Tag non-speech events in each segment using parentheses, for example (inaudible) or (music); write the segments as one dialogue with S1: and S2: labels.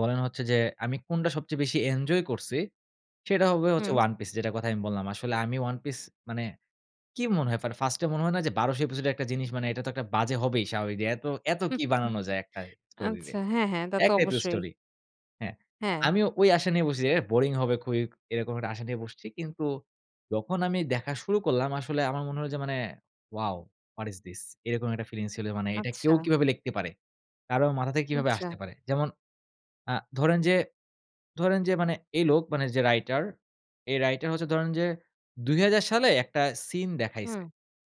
S1: বলেন হচ্ছে যে, আমি কোনটা সবচেয়ে বেশি এনজয় করছি, সেটা হবে হচ্ছে
S2: হুম।
S1: One Piece যেটার কথা আমি বললাম। আসলে আমি One Piece মানে, কি মনে হয় ফার্স্টে মনে হয় না যে, ১২০০ এপিসোডের একটা জিনিস মানে এটা তো একটা বাজে হবেই স্বাভাবিক। এত, এত কী
S2: (chuckles)
S1: বানানো যায় একটা স্টোরিরে
S2: আচ্ছা হ্যাঁ, হ্যাঁ, তা তো
S1: একটাই তো
S2: অবশ্যই।
S1: স্টোরি। হ্যাঁ,
S2: হ্যাঁ।
S1: আমিও ওই আশা নিয়ে বসছি বোরিং হবে খুবই এরকম একটা আশা নিয়ে বসছি। কিন্তু যখন আমি দেখা শুরু করলাম আসলে আমার মনে হল যে, মানে Wow! What is this! এরকম একটা ফিলিংস ছিল মানে এটা কেউ
S2: আচ্ছা।
S1: কিভাবে লিখতে পারে? কারো মাথা থেকে কীভাবে আসতে
S2: আচ্ছা।
S1: পারে? যেমন আ ধরেন যে ধরেন যে মানে এই লোক মানে যে, রাইটার এই রাইটার হচ্ছে ধরেন যে, ২০০০ সালে একটা সিন
S2: হুম,
S1: দেখাইছে।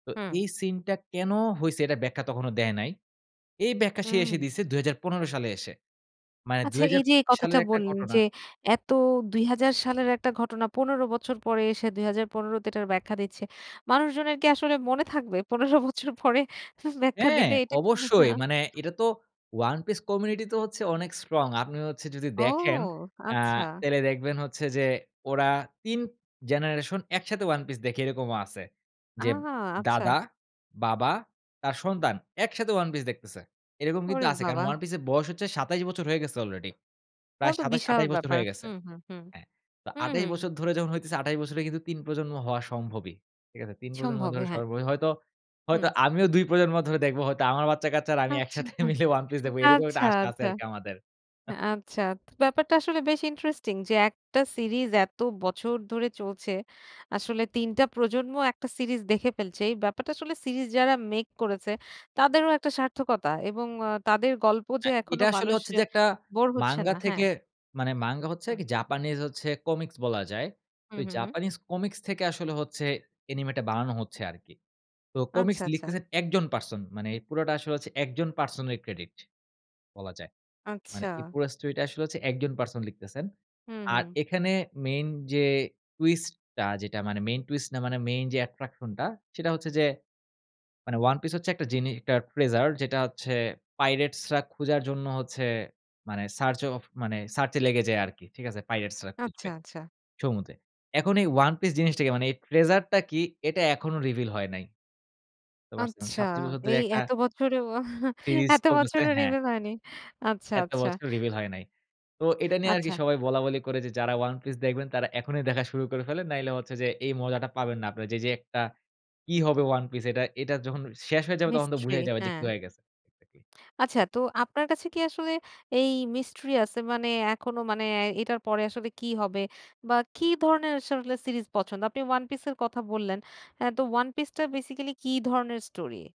S1: তো
S2: হুম।
S1: এই সিনটা কেন হইছে এটা ব্যাখ্যা তখনো দেয় নাই। এই ব্যাখ্যা সে এসে
S2: হুম।
S1: দিয়েছে ২০১৫ সালে এসে। মানে দুই
S2: আচ্ছা
S1: হাজার
S2: এই যে, এই কথাটা
S1: সালের একটা
S2: বললেন
S1: ঘটনা
S2: যে, এত ২০০০ সালের একটা ঘটনা ১৫ বছর পরে এসে ২০১৫ তে এটার ব্যাখ্যা দিচ্ছে। মানুষজনের কি আসলে মনে থাকবে ১৫ বছর পরে? ব্যাখ্যা
S1: হ্যাঁ,
S2: দিলে এটাকে।
S1: অবশ্যই
S2: হ্যাঁ?
S1: মানে এটা তো One Piece community তো হচ্ছে অনেক strong আপনি হচ্ছে যদি দেখেন
S2: ওহ!
S1: আ
S2: আচ্ছা।
S1: তাহলে দেখবেন হচ্ছে যে, ওরা তিন generation একসাথে ওয়ান পিস দেখে এরকমও আছে।
S2: আ
S1: যে, দাদা,
S2: আচ্ছা।
S1: বাবা, তার সন্তান একসাথে ওয়ান পিস দেখতেছে। এরকম কিন্তু
S2: ওরে
S1: আছে কারণ
S2: বাবা!
S1: ওয়ান পিস এর বয়স হচ্ছে ২৭ বছর হয়ে গেছে আলরেডি
S2: তাও
S1: প্রায়
S2: তো
S1: ২৭
S2: বিশাল
S1: ২৮ বছর
S2: ব্যাপার
S1: হয়ে গেছে।
S2: হুম, হুম, হুম,
S1: হ্যাঁ, তো
S2: হুম, হুম,
S1: ২৮
S2: হুম।
S1: বছর ধরে যখন হইতেছে ২৮ বছরে কিন্তু তিন প্রজন্ম হওয়া সম্ভবই ঠিক আছে? তিন প্রজন্ম
S2: সম্ভব
S1: ধরে
S2: হ্যাঁ।
S1: সবার হয়তো,
S2: হুম।
S1: হয়তো আমিও দুই প্রজন্ম ধরে দেখবো, হয়তো আমার বাচ্চাকাচ্চা আর আমি
S2: আচ্ছা,
S1: একসাথে মিলে ওয়ান পিস দেখব এরকম একটা
S2: আচ্ছা,
S1: আশা আছে
S2: আচ্ছা,
S1: আরকি আমাদের।
S2: আচ্ছা, তো ব্যাপারটা আসলে বেশ ইন্টারেস্টিং। যে, একটা সিরিজ এত বছর ধরে চলছে। আসলে তিনটা প্রজন্ম একটা সিরিজ দেখে ফেলছে। এই ব্যাপারটা আসলে সিরিজ যারা মেক করেছে তাদেরও একটা সার্থকতা এবং আ তাদের গল্প যে,
S1: হ্যাঁ,
S2: এখনো
S1: এটা আসলে
S2: মানুষ
S1: হচ্ছে
S2: আ
S1: যে, একটা
S2: বোর হচ্ছে না
S1: মাঙ্গা
S2: হ্যাঁ।
S1: থেকে মানে, মাঙ্গা হচ্ছে
S2: হুম।
S1: জাপানিজ হচ্ছে কমিক্স বলা যায়। তো
S2: হুম, হুম, হুম।
S1: জাপানিজ কমিক্স থেকে আসলে হচ্ছে অ্যানিমেটা বানানো হচ্ছে আরকি। তো
S2: আচ্ছা,
S1: কমিক্স
S2: আচ্ছা।
S1: লিখতেছেন একজন পারসন মানে এই পুরাটা আসলে একজন পারসন এর ক্রেডিট বলা যায়। মানে এই
S2: আচ্ছা।
S1: পুরা স্টোরিটা আসলে একজন পারসন লিখতেছেন।
S2: হুম,
S1: আর
S2: হুম।
S1: এখানে মেইন যে, টুইস্টটা যেটা মানে মেইন টুইস্ট না মানে মেইন যে, অ্যাট্রাকশনটা সেটা হচ্ছে যে, মানে ওয়ান পিস হচ্ছে একটা জিনি একটা Treasure যেটা হচ্ছে Pirates খোঁজার জন্য হচ্ছে মানে সার্চ অফ মানে সার্চে লেগে যায় আরকি ঠিক আছে pirates
S2: আচ্ছা,
S1: খুঁজবে,
S2: আচ্ছা।
S1: সমুদ্রে। এখন এই ওয়ান পিস জিনিসটা কি? মানে এই treasure কি এটা এখনো রিভিল হয় নাই। বুঝতে পারছেন
S2: আচ্ছা
S1: ২৭ বছর ধরে
S2: এই
S1: একটা
S2: এত বছরেও
S1: সিরিজ
S2: এত
S1: চলতেছে
S2: বছরের
S1: হ্যাঁ।
S2: রিভিল হয়নি আচ্ছা,
S1: এত
S2: আচ্ছা।
S1: বছর
S2: (breath)
S1: রিভিল হয় নাই। তো এটা
S2: (breath)
S1: নিয়ে আরকি
S2: আচ্ছা।
S1: সবাই বলাবলি করে যে, যারা ওয়ান পিস দেখবেন তারা এখনই দেখা শুরু করে ফেলেন। নাহলে হচ্ছে যে, এই মজাটা পাবেন না আপনারা যে, যে, একটা কি হবে One Piece? এটা-এটা যখন শেষ হয়ে যাবে তখন তো
S2: Mistry
S1: বুঝাই যাবে যে,
S2: হ্যাঁ।
S1: কি হয়ে গেছে।
S2: আচ্ছা তো আপনার কাছে কি আসলে এই Mistry আছে মানে এখনো মানে এটার পরে আসলে কি হবে বা কি ধরনের আসলে সিরিজ পছন্দ আপনি ওয়ান পিস এর কথা বললেন, হ্যাঁ, তো One Piece বেসিক্যালি কি ধরনের স্টোরি?